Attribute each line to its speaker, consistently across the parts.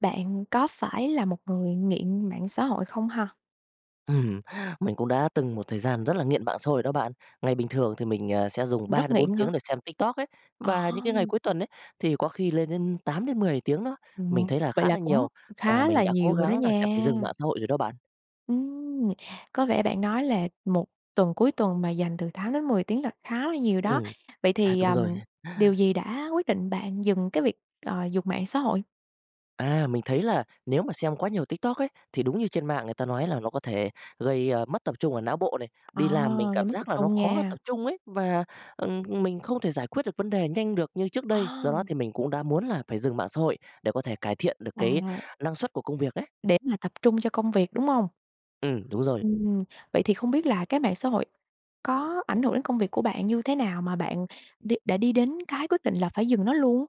Speaker 1: Bạn có phải là một người nghiện mạng xã hội không ha?
Speaker 2: Ừm, mình cũng đã từng một thời gian rất là nghiện mạng xã hội đó bạn. Ngày bình thường thì mình, ờ, sẽ dùng ba
Speaker 1: Rất
Speaker 2: đến bốn
Speaker 1: nghiện hả?
Speaker 2: tiếng để xem TikTok ấy,
Speaker 1: Ờ.
Speaker 2: và những ngày cuối tuần ấy thì có khi lên đến 8-10 tiếng đó. Mình
Speaker 1: Ừm.
Speaker 2: thấy là
Speaker 1: Vậy
Speaker 2: khá
Speaker 1: là
Speaker 2: là
Speaker 1: cũng
Speaker 2: nhiều, và
Speaker 1: khá
Speaker 2: mình
Speaker 1: là
Speaker 2: đã cố
Speaker 1: nhiều rồi đó
Speaker 2: gắng là sẽ
Speaker 1: nha.
Speaker 2: phải dừng mạng xã hội rồi đó bạn.
Speaker 1: Ừm. Có vẻ bạn nói là một tuần cuối tuần mà dành từ 8-10 tiếng là khá là nhiều đó.
Speaker 2: Ừm.
Speaker 1: Vậy
Speaker 2: À,
Speaker 1: thì,
Speaker 2: đúng
Speaker 1: ờm,
Speaker 2: rồi.
Speaker 1: điều gì đã quyết định bạn dừng cái việc, ờ, dùng mạng xã hội?
Speaker 2: À, mình thấy là nếu mà xem quá nhiều TikTok ấy, thì đúng như trên mạng người ta nói là nó có thể gây, a, mất tập trung ở não bộ này,
Speaker 1: Ờ,
Speaker 2: đi làm mình
Speaker 1: gây
Speaker 2: cảm
Speaker 1: mất
Speaker 2: giác
Speaker 1: tập
Speaker 2: là nó
Speaker 1: trung
Speaker 2: khó tập
Speaker 1: nha.
Speaker 2: trung ấy và, ừm, ừm, mình không thể giải quyết được vấn đề nhanh được như trước
Speaker 1: Ờ!
Speaker 2: đây, do đó thì mình cũng đã muốn là phải dừng mạng xã hội để có thể cải thiện được cái
Speaker 1: À.
Speaker 2: năng suất của công việc ấy.
Speaker 1: Để mà tập trung cho công việc, đúng hông?
Speaker 2: Ừm, đúng rồi.
Speaker 1: Ừm. Vậy thì không biết là cái mạng xã hội có ảnh hưởng đến công việc của bạn như thế nào mà bạn đi đã đi đến cái quyết định là phải dừng nó luôn?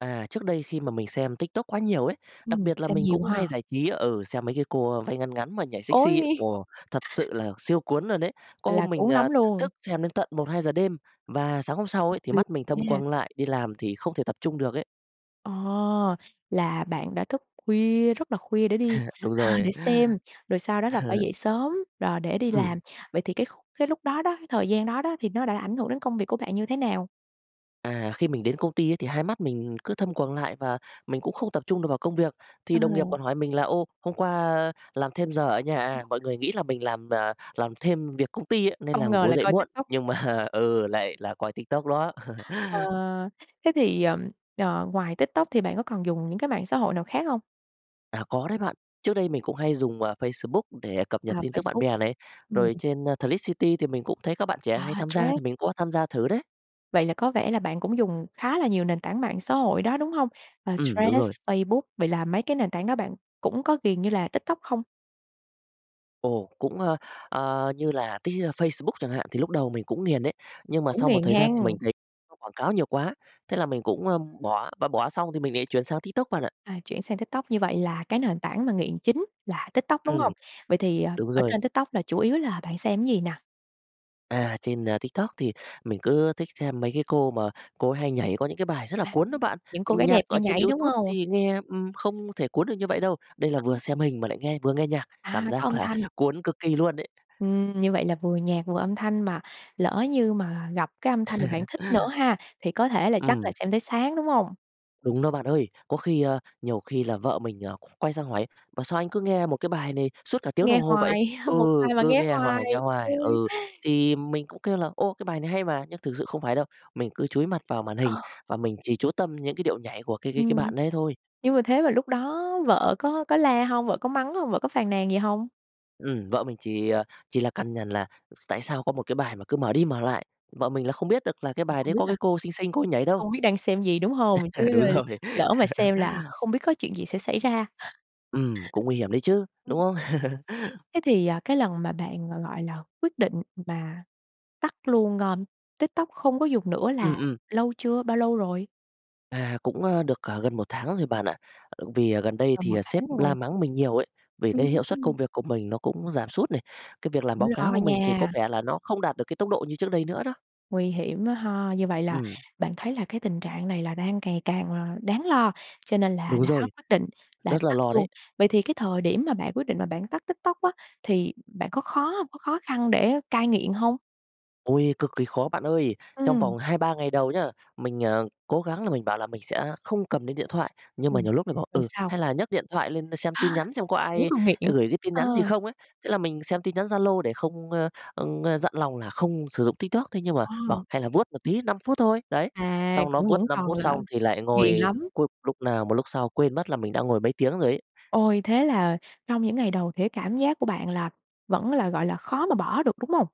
Speaker 2: À, trước đây khi mà mình xem TikTok quá nhiều ấy, đặc
Speaker 1: Ừm,
Speaker 2: biệt là
Speaker 1: xem
Speaker 2: mình
Speaker 1: nhiều
Speaker 2: cũng hay
Speaker 1: ha.
Speaker 2: giải trí ừ, xem mấy cái cô, ơ, váy ngắn ngắn mà nhảy sexy,
Speaker 1: Ôi!
Speaker 2: ồ, thật sự là siêu cuốn luôn đấy! Có hôm
Speaker 1: Là
Speaker 2: mình,
Speaker 1: cuốn
Speaker 2: ờ,
Speaker 1: lắm luôn.
Speaker 2: thức xem đến tận 1:00-2:00 đêm, và sáng hôm sau ấy thì
Speaker 1: [unintelligible]
Speaker 2: mắt mình thâm
Speaker 1: ha.
Speaker 2: quầng lại, đi làm thì không thể tập trung được ấy.
Speaker 1: Ồ! Là bạn đã thức khuya, rất là khuya để đi
Speaker 2: Đúng
Speaker 1: à,
Speaker 2: rồi.
Speaker 1: để xem, rồi sau đó là phải dậy sớm, rồi để đi
Speaker 2: Ừm.
Speaker 1: làm. Vậy thì cái khúc cái lúc đó đó, cái thời gian đó đó, thì nó đã ảnh hưởng đến công việc của bạn như thế nào?
Speaker 2: À, khi mình đến công ty á, thì 2 mắt mình cứ thâm quầng lại và mình cũng không tập trung được vào công việc. Thì đồng nghiệp
Speaker 1: Ừm.
Speaker 2: còn hỏi mình là "Ô, hôm qua làm thêm giờ ở nhà à?" Mọi người nghĩ là mình làm, ờ, làm thêm việc công ty á nên là
Speaker 1: Không ngờ
Speaker 2: ngủ
Speaker 1: là
Speaker 2: dậy
Speaker 1: coi
Speaker 2: muộn,
Speaker 1: TikTok.
Speaker 2: nhưng mà ừ, lại là coi TikTok đó.
Speaker 1: Ờ, thế thì, ừm, ờ, ngoài TikTok thì bạn có còn dùng những cái mạng xã hội nào khác hông?
Speaker 2: À, có đấy bạn. Trước đây mình cũng hay dùng, ờ, Facebook để cập
Speaker 1: À,
Speaker 2: nhật tin tức bạn
Speaker 1: Facebook.
Speaker 2: bè này.
Speaker 1: Ừm
Speaker 2: Rồi trên Threads City thì mình cũng thấy các bạn trẻ
Speaker 1: À,
Speaker 2: hay tham gia, thì
Speaker 1: Threads.
Speaker 2: mình cũng có tham gia thử đấy.
Speaker 1: Vậy là có vẻ là bạn cũng dùng khá là nhiều nền tảng mạng xã hội đó, đúng hông? Ờ,
Speaker 2: Ừm, đúng
Speaker 1: Threads,
Speaker 2: rồi.
Speaker 1: Facebook, vậy là mấy cái nền tảng đó bạn cũng có ghiền như là TikTok không?
Speaker 2: Ồ, cũng, ờ, ờ, như là Tik ơ, Facebook chẳng hạn, thì lúc đầu mình cũng nghiền đấy. Nhưng mà
Speaker 1: Cũng
Speaker 2: sau một
Speaker 1: nghiền
Speaker 2: thời gian
Speaker 1: hén.
Speaker 2: thì mình thấy nó quảng cáo nhiều quá, thế là mình cũng, ơ, bỏ, mà bỏ xong thì mình lại chuyển sang TikTok bạn ạ.
Speaker 1: À, chuyển sang TikTok, như vậy là cái nền tảng mà nghiện chính là TikTok, đúng
Speaker 2: Ừm.
Speaker 1: hông? Vậy thì, ờ,
Speaker 2: Đúng
Speaker 1: ở
Speaker 2: rồi.
Speaker 1: trên TikTok là chủ yếu là bạn xem gì nè?
Speaker 2: À, trên, ờ, TikTok thì mình cứ thích xem mấy cái cô mà cô ấy hay nhảy có những cái bài rất là
Speaker 1: À
Speaker 2: cuốn á
Speaker 1: hừm.
Speaker 2: bạn.
Speaker 1: Những cô gái
Speaker 2: Nhạc
Speaker 1: đẹp hay
Speaker 2: ở trên
Speaker 1: nhảy, đúng
Speaker 2: YouTube
Speaker 1: hông?
Speaker 2: thì nghe, ừm, không thể cuốn được như vậy đâu. Đây là
Speaker 1: À.
Speaker 2: vừa xem hình mà lại nghe vừa nghe nhạc, cảm
Speaker 1: À, có
Speaker 2: giác
Speaker 1: âm
Speaker 2: là
Speaker 1: thanh.
Speaker 2: cuốn cực kỳ luôn ấy.
Speaker 1: Ừm, như vậy là vừa nhạc vừa âm thanh, mà lỡ như mà gặp cái âm thanh mà bạn thích nữa ha thì có thể là chắc là
Speaker 2: Ừm.
Speaker 1: xem tới sáng, đúng hông?
Speaker 2: Đúng đó bạn ơi, có khi, ờ nhiều khi là vợ mình, ờ, qu quay sang hỏi: "Ủa, sao anh cứ nghe một cái bài này suốt cả tiếng
Speaker 1: Nghe
Speaker 2: đồng hồ vậy?
Speaker 1: hoài,
Speaker 2: Ừ,
Speaker 1: một bài mà
Speaker 2: cứ
Speaker 1: nghe
Speaker 2: nghe hoài, nghe
Speaker 1: hoài.
Speaker 2: hoài."
Speaker 1: Ui.
Speaker 2: Ừ, thì mình cũng kêu là "Ồ, cái bài này hay mà!" Nhưng thực sự không phải đâu, mình cứ chúi mặt vào màn hình
Speaker 1: Ờ.
Speaker 2: và mình chỉ chú tâm những cái điệu nhảy của cái cái
Speaker 1: Ừm.
Speaker 2: bạn đấy thôi.
Speaker 1: Nhưng mà thế mà lúc đó vợ có có la hông? Vợ có mắng hông? Vợ có phàn nàn gì hông?
Speaker 2: Ừm, vợ mình chỉ, ờ, chỉ là cằn nhằn là tại sao có một cái bài mà cứ mở đi mở lại, vợ mình là không biết được là cái
Speaker 1: Thì
Speaker 2: bài đấy
Speaker 1: không biết
Speaker 2: có
Speaker 1: là
Speaker 2: cái cô xinh xinh cô ấy nhảy đâu.
Speaker 1: không biết đang xem gì, đúng hông? Chứ
Speaker 2: Đúng rồi.
Speaker 1: lỡ mà xem là không biết có chuyện gì sẽ xảy ra.
Speaker 2: Ừm, cũng nguy hiểm đấy chứ, đúng
Speaker 1: Ừm.
Speaker 2: hông?
Speaker 1: Thế thì, ờ, cái lần mà bạn là, gọi là, quyết định mà tắt luôn, ờm, TikTok không có dùng nữa
Speaker 2: Ừm,
Speaker 1: là
Speaker 2: ừm.
Speaker 1: lâu chưa? Bao lâu rồi?
Speaker 2: À, cũng, ờ, được gần 1 tháng rồi bạn ạ. Ờ, vì gần đây
Speaker 1: Tầm
Speaker 2: thì
Speaker 1: 1
Speaker 2: sếp
Speaker 1: tháng rồi.
Speaker 2: la mắng mình nhiều ấy, vì cái hiệu suất
Speaker 1: Ừm.
Speaker 2: công việc của mình nó cũng giảm sút này, cái việc làm
Speaker 1: Cũng
Speaker 2: báo cáo
Speaker 1: lo
Speaker 2: của mình thì có
Speaker 1: nha.
Speaker 2: vẻ là nó không đạt được cái tốc độ như trước đây nữa đó.
Speaker 1: Nguy hiểm quá ha! Như vậy là
Speaker 2: Ừm.
Speaker 1: bạn thấy là cái tình trạng này là đang ngày càng đáng lo, cho nên là
Speaker 2: Đúng
Speaker 1: đã
Speaker 2: rồi,
Speaker 1: quyết định là
Speaker 2: rất là
Speaker 1: tắt
Speaker 2: lo
Speaker 1: luôn.
Speaker 2: đấy.
Speaker 1: Vậy thì cái thời điểm mà bạn quyết định mà bạn tắt TikTok á, thì bạn có khó hông, có khó khăn để cai nghiện hông?
Speaker 2: Ôi, cực kỳ khó bạn ơi! Trong
Speaker 1: Ừm.
Speaker 2: vòng 2-3 ngày đầu nhá, mình, à, cố gắng là mình bảo là mình sẽ không cầm đến điện thoại, nhưng mà
Speaker 1: Ừm.
Speaker 2: nhiều lúc lại bảo,
Speaker 1: Rồi
Speaker 2: ừ,
Speaker 1: sao?
Speaker 2: hay là nhấc điện thoại lên đ xem tin nhắn xem có
Speaker 1: Vẫn
Speaker 2: ai
Speaker 1: còn nghiện?
Speaker 2: gửi đến tin nhắn gì
Speaker 1: Ờ.
Speaker 2: không ấy. Thế là mình xem tin nhắn Zalo để không, ơ, ơ, dặn lòng là không sử dụng TikTok, thế nhưng mà bảo:
Speaker 1: Ờ.
Speaker 2: "Hay là vuốt một tí 5 phút thôi." Đấy!
Speaker 1: À,
Speaker 2: Xong nó
Speaker 1: cũng
Speaker 2: vuốt
Speaker 1: vẫn
Speaker 2: 5
Speaker 1: còn
Speaker 2: phút
Speaker 1: là
Speaker 2: xong thì lại
Speaker 1: ghiền
Speaker 2: ngồi
Speaker 1: lắm.
Speaker 2: cu lúc nào mà lúc sau quên mất là mình đã ngồi mấy tiếng rồi ấy.
Speaker 1: Ôi, thế là trong những ngày đầu thì cái cảm giác của bạn vẫn là, gọi là, khó mà bỏ được, đúng hông?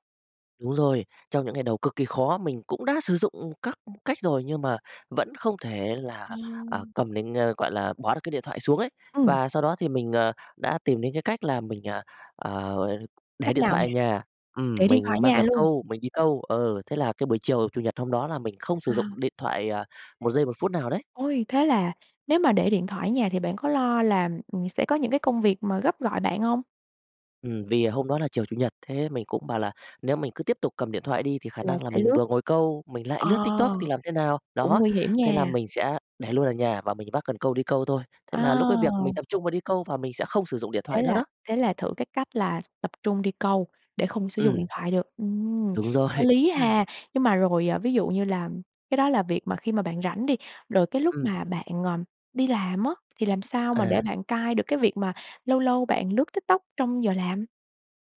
Speaker 2: Đúng rồi, trong những ngày cái đầu cực kỳ khó, mình cũng đã sử dụng các cách rồi nhưng mà vẫn không thể là, à, cầm đến, a, gọi là, bỏ được cái điện thoại xuống ấy.
Speaker 1: Ừm.
Speaker 2: Và sau đó thì mình, ờ, đã tìm đến cái cách là mình, à, à, để
Speaker 1: Cách
Speaker 2: điện
Speaker 1: nào
Speaker 2: thoại
Speaker 1: nè?
Speaker 2: ở nhà, ừm,
Speaker 1: Để điện thoại
Speaker 2: mình
Speaker 1: ở
Speaker 2: mang
Speaker 1: nhà
Speaker 2: cần
Speaker 1: luôn?
Speaker 2: câu mình đi câu. Ừ, thế là cái buổi chiều Chủ nhật hôm đó là mình không sử dụng
Speaker 1: À.
Speaker 2: điện thoại, à, một giây một phút nào đấy.
Speaker 1: Ôi, thế là nếu mà để điện thoại ở nhà thì bạn có lo là, ừm, sẽ có những cái công việc mà gấp gọi bạn hông?
Speaker 2: Ừm, vì, à, hôm đó là chiều Chủ nhật, thế mình cũng bảo là nếu mình cứ tiếp tục cầm điện thoại đi thì khả
Speaker 1: Là
Speaker 2: năng là
Speaker 1: sẽ
Speaker 2: mình
Speaker 1: lướt.
Speaker 2: vừa ngồi câu mình lại
Speaker 1: Ờ.
Speaker 2: lướt TikTok thì làm thế nào?
Speaker 1: Cũng
Speaker 2: Đó.
Speaker 1: nguy hiểm
Speaker 2: Thế là
Speaker 1: nha.
Speaker 2: mình sẽ để luôn ở nhà và mình vác cần câu đi câu thôi, thế là lúc ấy việc mình
Speaker 1: À.
Speaker 2: tập trung vào đi câu và mình sẽ không sử dụng điện
Speaker 1: Thế
Speaker 2: thoại nữa
Speaker 1: là
Speaker 2: đó.
Speaker 1: thế là thử cái cách là tập trung đi câu để không sử dụng điện
Speaker 2: Ừm.
Speaker 1: thoại được. Ừm,
Speaker 2: Đúng
Speaker 1: có
Speaker 2: rồi.
Speaker 1: lý ha. Nhưng mà rồi, à, ví dụ như là cái đó là việc mà khi mà bạn rảnh đi, rồi cái lúc
Speaker 2: Ừm.
Speaker 1: mà bạn, ờm, đi làm á thì làm sao mà để
Speaker 2: À.
Speaker 1: bạn cai được cái việc mà lâu lâu bạn lướt TikTok trong giờ làm?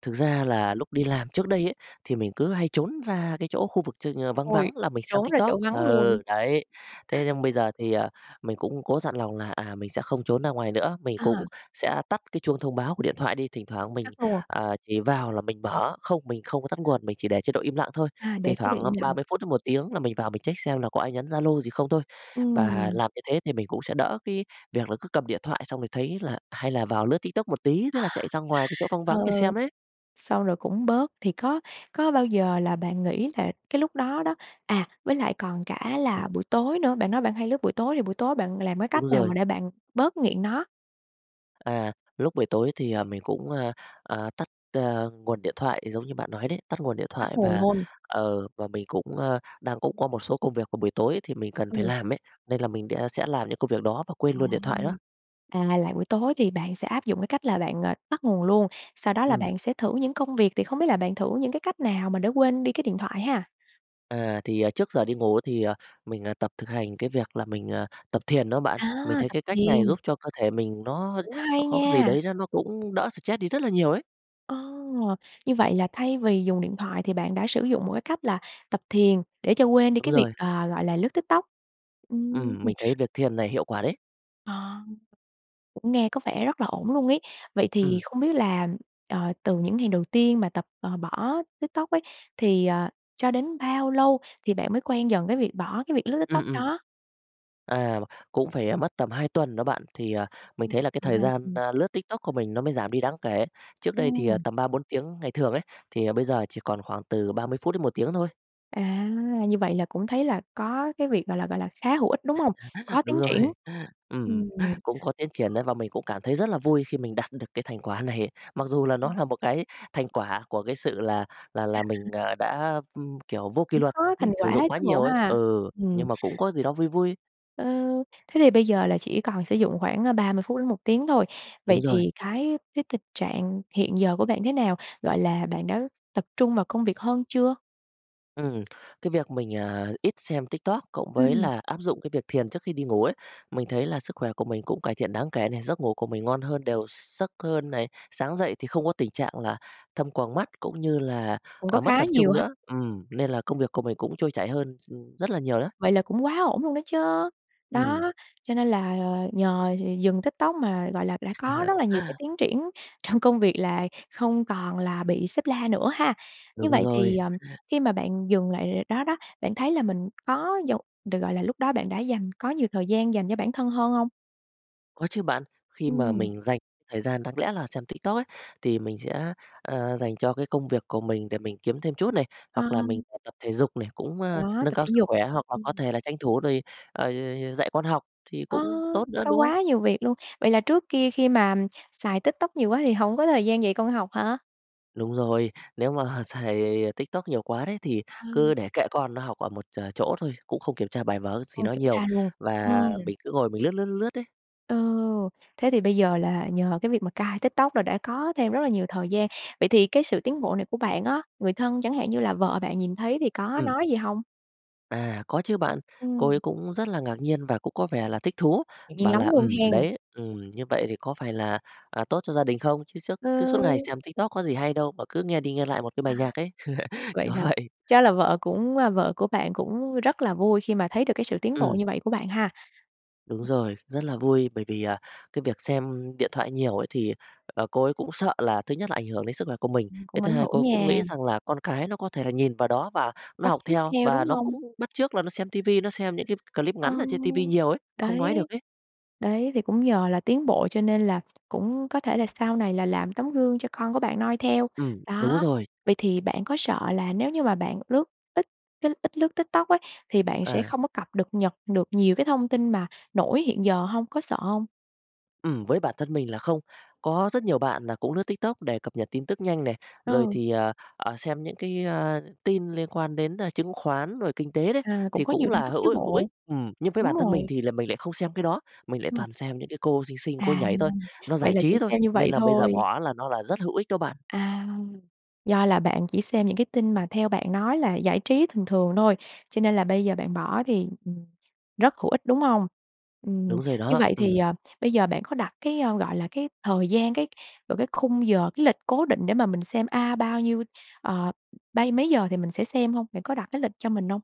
Speaker 2: Thực ra là lúc đi làm trước đây ấy, thì mình cứ hay trốn ra cái chỗ khu vực ch ờ, vắng
Speaker 1: Ôi,
Speaker 2: vắng là mình xem
Speaker 1: trốn ra
Speaker 2: TikTok.
Speaker 1: chỗ vắng luôn.
Speaker 2: Ừ, đấy. Thế nhưng bây giờ thì, ờ, mình cũng có dặn lòng là, à, mình sẽ không trốn ra ngoài nữa, mình
Speaker 1: Ờ.
Speaker 2: cũng sẽ tắt cái chuông thông báo của điện thoại đi, thỉnh thoảng mình,
Speaker 1: Tắt luôn.
Speaker 2: à, chỉ vào là mình mở không, mình không có tắt nguồn, mình chỉ để chế độ im lặng thôi.
Speaker 1: À,
Speaker 2: Thỉnh
Speaker 1: để chế độ
Speaker 2: thoảng
Speaker 1: im
Speaker 2: ba
Speaker 1: lặng.
Speaker 2: mươi phút đến 1 tiếng là mình vào mình check xem là có ai nhắn Zalo gì không thôi. Và
Speaker 1: Ừm.
Speaker 2: làm như thế thì mình cũng sẽ đỡ cái việc là cứ cầm điện thoại, xong rồi thấy là hay là vào lướt Tiktok một tí, thế là chạy ra ngoài cái chỗ vắng
Speaker 1: Ờ,
Speaker 2: vắng để
Speaker 1: ừ.
Speaker 2: xem đấy.
Speaker 1: Sau rồi cũng bớt. Thì có có bao giờ là bạn nghĩ là cái lúc đó đó à, với lại còn cả
Speaker 2: Ừm.
Speaker 1: là buổi tối nữa, bạn nói bạn hay lướt buổi tối thì buổi tối bạn làm cái
Speaker 2: Đúng
Speaker 1: cách nào
Speaker 2: rồi.
Speaker 1: mà để bạn bớt nghiện nó?
Speaker 2: À, lúc buổi tối thì, ờ, mình cũng, ờ, ờ, tắt, ờ, nguồn điện thoại giống như bạn nói đấy. Tắt nguồn điện
Speaker 1: Tắt
Speaker 2: thoại
Speaker 1: nguồn
Speaker 2: và
Speaker 1: luôn.
Speaker 2: ờ, và mình cũng, ơ, đang cũng có một số công việc vào buổi tối thì mình cần phải
Speaker 1: Ừ.
Speaker 2: làm ấy, nên là mình đẻ sẽ làm những công việc đó và quên
Speaker 1: Trời!
Speaker 2: luôn điện thoại đó.
Speaker 1: À, là buổi tối thì bạn sẽ áp dụng cái cách là bạn, ờ, tắt nguồn luôn. Sau đó là
Speaker 2: Ừm.
Speaker 1: bạn sẽ thử những công việc thì không biết là bạn thử những cái cách nào mà để quên đi cái điện thoại ha?
Speaker 2: À, thì, ờ, trước giờ đi ngủ thì, ờ, mình, ờ, tập thực hành cái việc là mình, à, tập thiền đó bạn, mình
Speaker 1: À,
Speaker 2: thấy
Speaker 1: tập
Speaker 2: cái cách này
Speaker 1: thiền.
Speaker 2: giúp cho cơ thể mình nó
Speaker 1: Cũng
Speaker 2: nó
Speaker 1: hay
Speaker 2: có gì
Speaker 1: nha!
Speaker 2: đấy nó nó cũng đỡ stress đi rất là nhiều ấy.
Speaker 1: Ờ, như vậy là thay vì dùng điện thoại thì bạn đã sử dụng một cái cách là tập thiền để cho quên đi
Speaker 2: Đúng
Speaker 1: cái việc,
Speaker 2: rồi.
Speaker 1: ờ, gọi là, lướt TikTok. Ừm,
Speaker 2: Ừm,
Speaker 1: ừ.
Speaker 2: mình thấy việc thiền này hiệu quả đấy.
Speaker 1: À. Cũng nghe có vẻ rất là ổn luôn ấy. Vậy thì
Speaker 2: Ừm.
Speaker 1: không biết là, ờ, từ những ngày đầu tiên mà tập, ờ, bỏ TikTok ấy, thì, ờ, cho đến bao lâu thì bạn mới quen dần cái việc bỏ cái việc lướt TikTok
Speaker 2: Ừm, ừm.
Speaker 1: đó?
Speaker 2: À, cũng phải, ờ, mất tầm 2 tuần đó bạn thì, à, mình
Speaker 1: Ừ,
Speaker 2: thấy là cái
Speaker 1: cũng
Speaker 2: thời
Speaker 1: hay.
Speaker 2: gian,
Speaker 1: Ừm.
Speaker 2: ơ, lướt TikTok của mình nó mới giảm đi đáng kể. Trước đây thì, à,
Speaker 1: Ừm.
Speaker 2: tầm 3, 4 tiếng ngày thường ấy, thì, ờ, bây giờ chỉ còn khoảng từ 30 phút đến 1 tiếng thôi.
Speaker 1: À, như vậy là cũng thấy là có cái việc, gọi là, gọi là, khá hữu ích, đúng hông? Có
Speaker 2: Đúng
Speaker 1: tiến
Speaker 2: rồi.
Speaker 1: triển?
Speaker 2: Ừm,
Speaker 1: Ừm.
Speaker 2: cũng có tiến triển ấy và mình cũng cảm thấy rất là vui khi mình đạt được cái thành quả này. Mặc dù là
Speaker 1: Ừ.
Speaker 2: nó là một cái thành quả của cái sự là là là mình, ờ, đã, ừm, kiểu, vô kỷ
Speaker 1: Cũng
Speaker 2: luật,
Speaker 1: có
Speaker 2: mình
Speaker 1: thành
Speaker 2: sử
Speaker 1: quả
Speaker 2: dụng quá
Speaker 1: chứ bộ
Speaker 2: nhiều ấy.
Speaker 1: ha?
Speaker 2: Ừ,
Speaker 1: Ừm.
Speaker 2: nhưng mà cũng có gì đó vui vui.
Speaker 1: Ờ, thế thì bây giờ là chỉ còn sử dụng khoảng, ờ, 30 đến 1 tiếng thôi,
Speaker 2: Đúng
Speaker 1: vậy
Speaker 2: rồi.
Speaker 1: thì cái với tình trạng hiện giờ của bạn thế nào? Gọi là, bạn đã tập trung vào công việc hơn chưa?
Speaker 2: Ừm. Cái việc mình, à, ít xem TikTok, cộng với
Speaker 1: Ừm.
Speaker 2: là áp dụng cái việc thiền trước khi đi ngủ ấy, mình thấy là sức khỏe của mình cũng cải thiện đáng kể nè, giấc ngủ của mình ngon hơn, đều gi giấc hơn này, sáng dậy thì không có tình trạng là thâm quầng mắt cũng như là,
Speaker 1: Cũng có
Speaker 2: à, mất
Speaker 1: khá
Speaker 2: tập trung
Speaker 1: nhiều ha.
Speaker 2: nữa, ừm, nên là công việc của mình cũng trôi chảy hơn s ừm, rất là nhiều đó.
Speaker 1: Vậy là cũng quá ổn luôn đó chớ.
Speaker 2: Ừm.
Speaker 1: Đó, cho nên là, ờ, nhờ d dừng TikTok mà, gọi là, đã có rất là nhiều cái tiến triển trong công việc là không còn là bị sếp la nữa ha. Như
Speaker 2: Đúng
Speaker 1: vậy thì,
Speaker 2: rồi.
Speaker 1: ờ, khi mà bạn dùng lại đó đó, bạn thấy là mình có dù được, gọi là, lúc đó bạn đã dành có nhiều thời gian dành cho bản thân hơn hông?
Speaker 2: Có chứ bạn. Khi mà
Speaker 1: Ừm.
Speaker 2: mình dành thời gian đáng lẽ là xem TikTok ấy, thì mình sẽ, ờ, dành cho cái công việc của mình để mình kiếm thêm chút này, hoặc là mình
Speaker 1: À.
Speaker 2: [unintelligible] tập thể dục để cũng, a,
Speaker 1: Đó,
Speaker 2: nâng
Speaker 1: tập
Speaker 2: cao
Speaker 1: thể
Speaker 2: sức
Speaker 1: dục.
Speaker 2: khỏe, hoặc là có
Speaker 1: Ừm.
Speaker 2: thể là tranh thủ rồi, à, d d dạy con học thì
Speaker 1: Ơ,
Speaker 2: cũng tốt nữa,
Speaker 1: có
Speaker 2: đúng không?
Speaker 1: quá nhiều việc luôn. Vậy là trước kia khi mà xài TikTok nhiều quá thì hổng có thời gian dạy con học hả?
Speaker 2: Đúng rồi, nếu mà xài TikTok nhiều quá đấy thì
Speaker 1: Ờ.
Speaker 2: cứ để kệ con nó học ở một ch chỗ thôi, cũng không kiểm tra bài vở gì
Speaker 1: Không
Speaker 2: nó
Speaker 1: kiểm
Speaker 2: nhiều
Speaker 1: tra luôn?
Speaker 2: và
Speaker 1: Ừm.
Speaker 2: mình cứ ngồi mình lướt, lướt, lướt ấy.
Speaker 1: Ồ! Thế thì bây giờ là nhờ cái việc mà cai TikTok là đã có thêm rất là nhiều thời gian. Vậy thì cái sự tiến bộ này của bạn á, người thân chẳng hạn như là vợ bạn nhìn thấy thì có
Speaker 2: Ừm.
Speaker 1: nói gì hông?
Speaker 2: À, có chứ bạn. Cô ấy
Speaker 1: Ừm.
Speaker 2: cũng rất là ngạc nhiên và cũng có vẻ là thích thú,
Speaker 1: Ngạc nhiên
Speaker 2: bảo
Speaker 1: lắm
Speaker 2: là
Speaker 1: luôn
Speaker 2: "Ừm,
Speaker 1: hen.
Speaker 2: đấy, ừm, như vậy thì có phải là, à, tốt cho gia đình không. Chứ suốt
Speaker 1: Ờ.
Speaker 2: cứ suốt ngày xem TikTok có gì hay đâu mà cứ nghe đi nghe lại một cái bài
Speaker 1: À.
Speaker 2: nhạc ấy."
Speaker 1: Vậy
Speaker 2: Kiểu
Speaker 1: là
Speaker 2: vậy.
Speaker 1: chắc là vợ cũng a, vợ của bạn cũng rất là vui khi mà thấy được cái sự tiến bộ
Speaker 2: Ừm.
Speaker 1: như vậy của bạn ha.
Speaker 2: Đúng
Speaker 1: [unintelligible]
Speaker 2: rồi, rất là vui bởi vì, à, cái việc xem điện thoại nhiều ấy thì, ờ, cô ấy cũng sợ là thứ nhất ảnh hưởng đến sức là của mình,
Speaker 1: Ừm,
Speaker 2: cái
Speaker 1: cũng
Speaker 2: thứ
Speaker 1: ảnh
Speaker 2: 2
Speaker 1: hưởng
Speaker 2: cô cũng
Speaker 1: nha.
Speaker 2: nghĩ rằng là con cái nó có thể nhìn vào đó và nó
Speaker 1: Bắt
Speaker 2: học
Speaker 1: chước
Speaker 2: theo,
Speaker 1: theo,
Speaker 2: và
Speaker 1: đúng
Speaker 2: nó cũng
Speaker 1: hông?
Speaker 2: bắt chước là nó xem tivi, nó xem những clip
Speaker 1: Ờ,
Speaker 2: ngắn ở trên tivi nhiều ấy, không
Speaker 1: đấy,
Speaker 2: nói được ấy.
Speaker 1: đấy. Thì cũng nhờ là tiến bộ cho nên là cũng có thể là sau này là làm tấm gương cho con của bạn noi theo.
Speaker 2: Ừm, đúng
Speaker 1: Đó,
Speaker 2: rồi.
Speaker 1: vậy thì bạn có sợ là nếu như mà bạn lướt ít cái ít lướt TikTok ấy thì bạn sẽ
Speaker 2: À.
Speaker 1: không có cập được nhật được nhiều cái thông tin mà nổi hiện giờ hông? Có sợ hông?
Speaker 2: Ừm, với bản thân mình là không. Có rất nhiều bạn là cũng lướt Tiktok để cập nhật tin tức nhanh này, rồi
Speaker 1: Ừ.
Speaker 2: thì, ờ, xem những cái, ơ, tin liên quan đến, a, chứng khoán rồi kinh tế đấy
Speaker 1: À, cũng
Speaker 2: thì
Speaker 1: có
Speaker 2: cũng
Speaker 1: nhiều tin
Speaker 2: là
Speaker 1: tức
Speaker 2: hữu
Speaker 1: chứ
Speaker 2: i hữu ích.
Speaker 1: bộ,
Speaker 2: Ừm, nhưng với
Speaker 1: đúng
Speaker 2: bản thân mình
Speaker 1: rồi.
Speaker 2: thì là mình lại không xem cái đó, mình lại
Speaker 1: Ừm.
Speaker 2: toàn xem những cái cô xinh xinh cô
Speaker 1: À,
Speaker 2: nhảy thôi, nó
Speaker 1: vậy
Speaker 2: giải
Speaker 1: là chỉ
Speaker 2: trí thôi.
Speaker 1: xem như
Speaker 2: Nên
Speaker 1: vậy
Speaker 2: là bây giờ
Speaker 1: thôi.
Speaker 2: bỏ là nó là rất hữu ích đó bạn.
Speaker 1: À, do là bạn chỉ xem những cái tin mà theo bạn nói là giải trí thường thường thôi cho nên là bây giờ bạn bỏ thì, ừm, rất hữu ích, đúng hông? Ừm,
Speaker 2: Đúng rồi
Speaker 1: như
Speaker 2: đó,
Speaker 1: vậy thì,
Speaker 2: ừm.
Speaker 1: ờ, bây giờ bạn có đặt cái, a, gọi là, cái thời gian, cái vào cái khung giờ, cái lịch cố định để mà mình xem, a, bao nhiêu ờ, bây mấy giờ thì mình sẽ xem hông? Bạn có đặt cái lịch cho mình hông?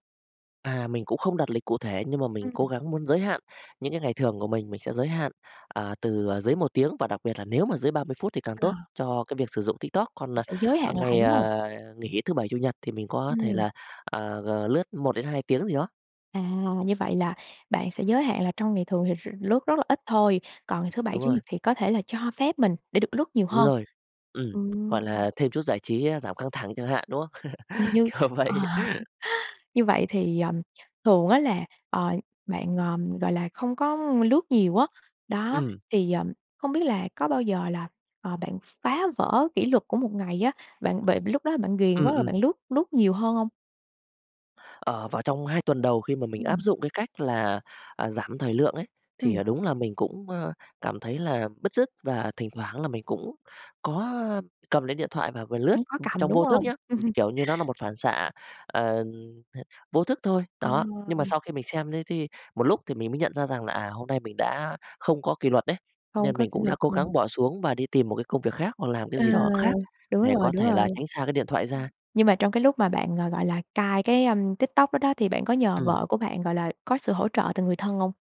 Speaker 2: À, mình cũng không đặt lịch cụ thể nhưng mà mình
Speaker 1: Ừm.
Speaker 2: cố gắng muốn giới hạn. Những cái ngày thường của mình, mình sẽ giới hạn, à, từ, ờ, dưới 1 tiếng và đặc biệt là nếu mà dưới 30 phút thì càng
Speaker 1: Ờ.
Speaker 2: tốt cho cái việc sử dụng TikTok. Còn, à,
Speaker 1: Sẽ giới
Speaker 2: à,
Speaker 1: hạn lại,
Speaker 2: ngày,
Speaker 1: đúng hông?
Speaker 2: à, nghỉ Thứ bảy, Chủ nhật thì mình có thể
Speaker 1: Ừm.
Speaker 2: là, à, g lướt 1 đến 2 tiếng gì đó.
Speaker 1: À, như vậy là bạn sẽ giới hạn là trong ngày thường thì r lướt rất là ít thôi. Còn ngày
Speaker 2: Ừm,
Speaker 1: Thứ bảy,
Speaker 2: đúng
Speaker 1: Chủ
Speaker 2: rồi.
Speaker 1: nhật thì có thể là cho phép mình để được lướt nhiều
Speaker 2: Đúng
Speaker 1: hơn,
Speaker 2: rồi, ừm,
Speaker 1: ừm.
Speaker 2: gọi là, thêm chút giải trí, a, giảm căng thẳng chẳng hạn, đúng không?
Speaker 1: Ừm, như
Speaker 2: Kiểu
Speaker 1: ờ,
Speaker 2: vậy.
Speaker 1: như vậy thì, ờ, thường á là, ờ, bạn, ờm, gọi là, không có lướt nhiều á, đó.
Speaker 2: Ừm.
Speaker 1: Thì, ờm, không biết là có bao giờ là, à, bạn phá vỡ kỷ luật của một ngày á, bạn bị vì lúc đó bạn ghiền
Speaker 2: Ừm.
Speaker 1: quá rồi
Speaker 2: ừm.
Speaker 1: bạn lướt lướt nhiều hơn hông?
Speaker 2: Ờ, vào trong 2 tuần đầu khi mà mình áp
Speaker 1: Ừm.
Speaker 2: dụng cái cách là, à, giảm thời lượng ấy thì
Speaker 1: Ừm.
Speaker 2: là đúng là mình cũng, ơ, cảm thấy là bứt rứt và thỉnh thoảng là mình cũng có cầm lấy điện thoại và vừa lướt,
Speaker 1: Cũng có
Speaker 2: ừ,
Speaker 1: cầm,
Speaker 2: trong
Speaker 1: đúng
Speaker 2: vô thức
Speaker 1: hông?
Speaker 2: nhá, ừ, kiểu như nó là một phản xạ, ờ, h vô thức thôi.
Speaker 1: Ờ.
Speaker 2: Đó, nhưng mà sau khi mình xem thế thi một lúc thì mình mới nhận ra rằng là, à, hôm nay mình đã không có kỷ luật đấy,
Speaker 1: Không
Speaker 2: nên
Speaker 1: có
Speaker 2: mình
Speaker 1: kỷ
Speaker 2: cũng đã
Speaker 1: luật,
Speaker 2: cố
Speaker 1: ừm.
Speaker 2: gắng bỏ xuống và đi tìm một cái công việc khác hoặc làm cái
Speaker 1: Ờ,
Speaker 2: gì đó khác
Speaker 1: đúng
Speaker 2: để
Speaker 1: rồi,
Speaker 2: có
Speaker 1: đúng
Speaker 2: thể
Speaker 1: rồi.
Speaker 2: là
Speaker 1: Ừm,
Speaker 2: tránh xa cái điện thoại ra.
Speaker 1: nhưng mà trong cái lúc mà bạn, ờ, gọi là, cai cái, ưm, TikTok đó đó thì bạn có nhờ
Speaker 2: Ừm.
Speaker 1: vợ của bạn, gọi là, có sự hỗ trợ từ người thân hông?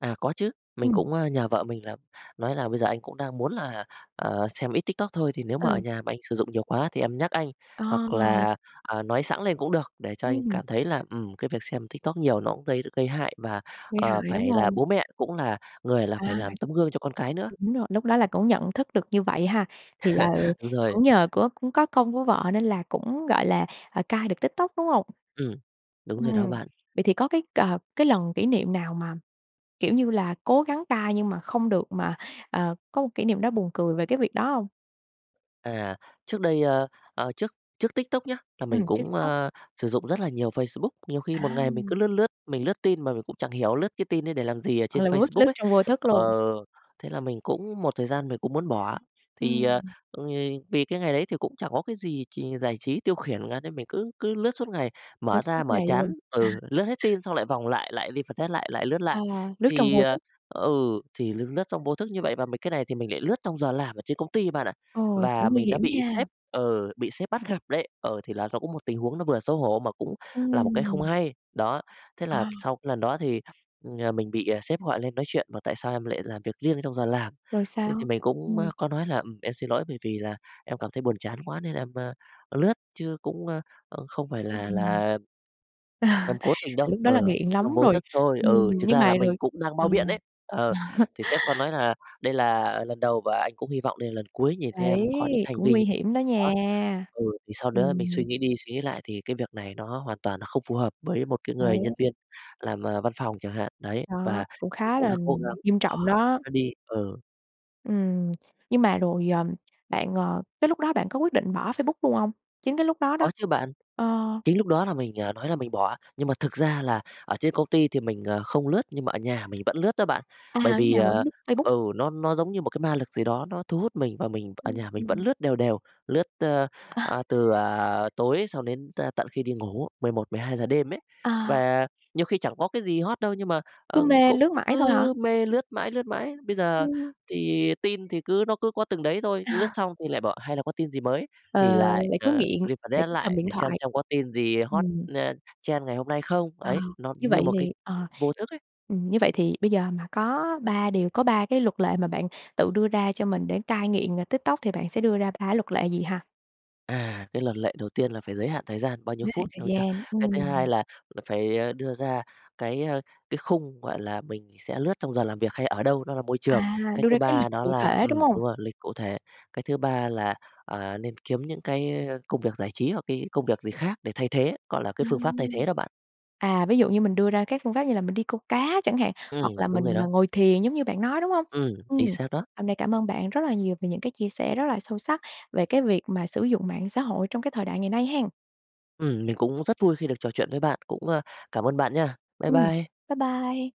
Speaker 2: À, có chứ, mình
Speaker 1: Ừm.
Speaker 2: cũng, ơ, nhờ vợ mình là nói là "Bây giờ anh cũng đang muốn là, ờ, xem ít TikTok thôi, thì nếu mà ở
Speaker 1: Ừ.
Speaker 2: nhà mà anh sử dụng nhiều quá thì em nhắc anh, hoặc
Speaker 1: Ồ!
Speaker 2: là, à, nói xẵng lên cũng được để cho anh
Speaker 1: Ừm.
Speaker 2: cảm thấy là, ừm, cái việc xem TikTok nhiều nó cũng gây gây hại, và,
Speaker 1: Gây
Speaker 2: ờ,
Speaker 1: hại, đúng
Speaker 2: phải là
Speaker 1: hông?
Speaker 2: bố mẹ cũng là người là phải
Speaker 1: À.
Speaker 2: làm tấm gương cho con cái nữa."
Speaker 1: Đúng rồi, lúc đó là cũng nhận thức được như vậy ha? Thì là, ờ,
Speaker 2: Đúng rồi.
Speaker 1: cũng nhờ của cũng có công của vợ nên là cũng, gọi là, à, cai được TikTok, đúng hông?
Speaker 2: Ừm. Đúng rồi đó
Speaker 1: Ừm.
Speaker 2: bạn.
Speaker 1: Vậy thì có cái c cái lần kỷ niệm nào mà, kiểu như là, cố gắng cai nhưng mà không được, mà, ờ, có một kỷ niệm đó buồn cười về cái việc đó hông?
Speaker 2: À. Trước đây, ơ, ơ trước trước TikTok nhớ là
Speaker 1: Ừm,
Speaker 2: mình
Speaker 1: trước
Speaker 2: cũng,
Speaker 1: Tik Tok.
Speaker 2: ơ, sử dụng rất là nhiều Facebook. Nhiều khi một
Speaker 1: À!
Speaker 2: ngày mình cứ lướt lướt, mình lướt tin mà mình cũng chẳng hiểu lướt cái tin đấy để làm gì ở
Speaker 1: À,
Speaker 2: trên
Speaker 1: là vuốt
Speaker 2: Facebook
Speaker 1: lướt
Speaker 2: ấy.
Speaker 1: trong vô thức
Speaker 2: Ờ,
Speaker 1: luôn.
Speaker 2: thế là mình cũng một thời gian mình cũng muốn bỏ, thì, ờ,
Speaker 1: Ừm.
Speaker 2: ôi, vì cái ngày đấy thì cũng chẳng có cái gì trì giải trí tiêu khiển cả, nên mình cứ cứ lướt suốt ngày.
Speaker 1: Lướt
Speaker 2: Mở
Speaker 1: suốt
Speaker 2: ra, mở
Speaker 1: ngày
Speaker 2: chán,
Speaker 1: luôn.
Speaker 2: ừ, lướt hết tin xong lại vòng lại, lại refresh lại, lại lướt
Speaker 1: À,
Speaker 2: lại.
Speaker 1: lướt trong
Speaker 2: Thì,
Speaker 1: vô
Speaker 2: ờ,
Speaker 1: thức.
Speaker 2: ừ, thì lướt lướt trong vô thức như vậy, và mấy cái này thì mình lại lướt trong giờ làm ở trên công ty bạn ạ
Speaker 1: Ồ,
Speaker 2: và
Speaker 1: cũng nguy
Speaker 2: mình đã
Speaker 1: hiểm
Speaker 2: bị sếp
Speaker 1: nha!
Speaker 2: ừ, bị sếp bắt gặp đấy. Ờ, thì là ló cũng một tình huống nó vừa xấu hổ mà cũng là một cái không
Speaker 1: Ừm.
Speaker 2: hay, đó. Thế là
Speaker 1: À!
Speaker 2: sau cái lần đó thì, ừm, mình bị, ờ, sếp gọi lên nói chuyện, bảo: "Tại sao em lại làm việc riêng trong giờ làm?"
Speaker 1: Rồi
Speaker 2: Thế thì
Speaker 1: sao?
Speaker 2: mình cũng, á,
Speaker 1: Ừm.
Speaker 2: có nói là "Ừm, em xin lỗi, bởi vì là em cảm thấy buồn chán quá nên em, a, lướt, chứ cũng, ơ, ơ, không phải là
Speaker 1: Ừm.
Speaker 2: là"
Speaker 1: Ờ,
Speaker 2: "em cố tình đâu,
Speaker 1: tại lúc đó là
Speaker 2: ờ,
Speaker 1: nghiện
Speaker 2: [unintelligible]
Speaker 1: lắm
Speaker 2: trong vô
Speaker 1: rồi,
Speaker 2: thức thôi." Ừ,
Speaker 1: ừm,
Speaker 2: chực
Speaker 1: nhưng
Speaker 2: ra
Speaker 1: mà
Speaker 2: là mình
Speaker 1: rồi
Speaker 2: cũng đang
Speaker 1: ờ.
Speaker 2: bao biện đấy. Ờ, thì sếp có nói là "Đây là lần đầu, và anh cũng hy vọng đây là lần cuối nhìn thấy em
Speaker 1: Đấy,
Speaker 2: có những hành
Speaker 1: cũng
Speaker 2: vi như
Speaker 1: nguy hiểm đó
Speaker 2: đó."
Speaker 1: nha!
Speaker 2: Ừ, thì sau đó mình suy
Speaker 1: Ừm.
Speaker 2: nghĩ đi suy nghĩ lại thì cái việc này nó hoàn toàn nó không phù hợp với một cái người nhân
Speaker 1: Đấy.
Speaker 2: viên làm, ờ, văn phòng chẳng hạn, đấy. Và
Speaker 1: Đó, cũng
Speaker 2: mình
Speaker 1: khá
Speaker 2: cũng đã
Speaker 1: là
Speaker 2: cố gắng
Speaker 1: nghiêm
Speaker 2: bỏ
Speaker 1: trọng
Speaker 2: bỏ
Speaker 1: đó.
Speaker 2: nó đi, ừ.
Speaker 1: Ừm, nhưng mà rồi, ờm, bạn, ờ, cái lúc đó bạn có quyết định bỏ Facebook luôn hông? Chính cái lúc đó
Speaker 2: Có
Speaker 1: đó.
Speaker 2: chứ bạn.
Speaker 1: Ờ.
Speaker 2: Chính lúc đó là mình, ờ, nói là mình bỏ nhưng mà thực ra là ở trên công ty thì mình, ờ, không lướt nhưng mà ở nhà mình vẫn lướt đó bạn,
Speaker 1: À,
Speaker 2: bởi
Speaker 1: ở
Speaker 2: vì,
Speaker 1: nhà
Speaker 2: ờ,
Speaker 1: vẫn lướt Facebook.
Speaker 2: ừ, nó nó giống như một cái ma lực gì đó nó thu hút mình và mình ở
Speaker 1: Ừm,
Speaker 2: nhà mình vẫn
Speaker 1: ừm.
Speaker 2: lướt đều đều, lướt, ơ,
Speaker 1: Ờ.
Speaker 2: a, từ, à, tối xong đến t tận khi đi ngủ, 11:00-12:00 đêm ấy.
Speaker 1: À.
Speaker 2: Và nhiều khi chẳng có cái gì hot đâu nhưng mà,
Speaker 1: Cứ
Speaker 2: ờ,
Speaker 1: mê
Speaker 2: cũng
Speaker 1: lướt mãi thôi hả?
Speaker 2: cứ mê, lướt mãi, lướt mãi. Bây giờ
Speaker 1: Ừm.
Speaker 2: thì tin thì cứ nó cứ có từng đấy thôi, lướt
Speaker 1: À.
Speaker 2: xong thì lại bảo: "Hay là có tin gì mới?"
Speaker 1: Ờ,
Speaker 2: thì lại,
Speaker 1: lại cứ
Speaker 2: ờ,
Speaker 1: nghiện, lại
Speaker 2: refresh
Speaker 1: cứ cầm
Speaker 2: lại
Speaker 1: điện
Speaker 2: để xem
Speaker 1: thoại.
Speaker 2: xem có tin gì hot,
Speaker 1: Ừm.
Speaker 2: ơ, trend ngày hôm nay không,
Speaker 1: Ờ,
Speaker 2: ấy, nó
Speaker 1: như
Speaker 2: như
Speaker 1: vậy
Speaker 2: một cái
Speaker 1: thì ờ,
Speaker 2: vô thức ấy.
Speaker 1: ừm, như vậy thì bây giờ mà có 3 điều, có 3 cái luật lệ mà bạn tự đưa ra cho mình để cai nghiện, ờ, TikTok thì bạn sẽ đưa ra 3 luật lệ gì ha?
Speaker 2: À, cái luật lệ đầu tiên là phải giới hạn thời gian bao nhiêu
Speaker 1: Giới hạn
Speaker 2: phút
Speaker 1: thời
Speaker 2: thôi [unintelligible]
Speaker 1: gian,
Speaker 2: cái thứ 2
Speaker 1: ừm.
Speaker 2: là là phải, ơ, đưa ra cái, ơ, cái khung gọi là mình sẽ lướt trong giờ làm việc hay ở đâu, đó là môi trường.
Speaker 1: À,
Speaker 2: Cái
Speaker 1: đưa
Speaker 2: thứ
Speaker 1: ra cái
Speaker 2: 3
Speaker 1: lịch
Speaker 2: đó
Speaker 1: cụ
Speaker 2: là
Speaker 1: thể, đúng
Speaker 2: ừm,
Speaker 1: hông?
Speaker 2: đúng rồi, lịch cụ thể. Cái thứ 3 là, à, nên kiếm những cái, ơ, công việc giải trí hoặc cái công việc gì khác để thay thế, gọi là, cái phương pháp thay
Speaker 1: Ừm.
Speaker 2: thế đó bạn.
Speaker 1: À, ví dụ như mình đưa ra các phương pháp như là mình đi câu cá chẳng hạn,
Speaker 2: Ừm,
Speaker 1: hoặc là
Speaker 2: đúng
Speaker 1: mình,
Speaker 2: rồi đó.
Speaker 1: ờ, ngồi thiền giống như bạn nói, đúng hông?
Speaker 2: Ừm,
Speaker 1: Ừm,
Speaker 2: chính xác đó.
Speaker 1: hôm nay cảm ơn bạn rất là nhiều về những cái chia sẻ rất là sâu sắc về cái việc mà sử dụng mạng xã hội trong cái thời đại ngày nay hen.
Speaker 2: Ừm, mình cũng rất vui khi được trò chuyện với bạn, cũng, ơ, cảm ơn bạn nha. Bye
Speaker 1: Ừm.
Speaker 2: bye.
Speaker 1: Bye bye.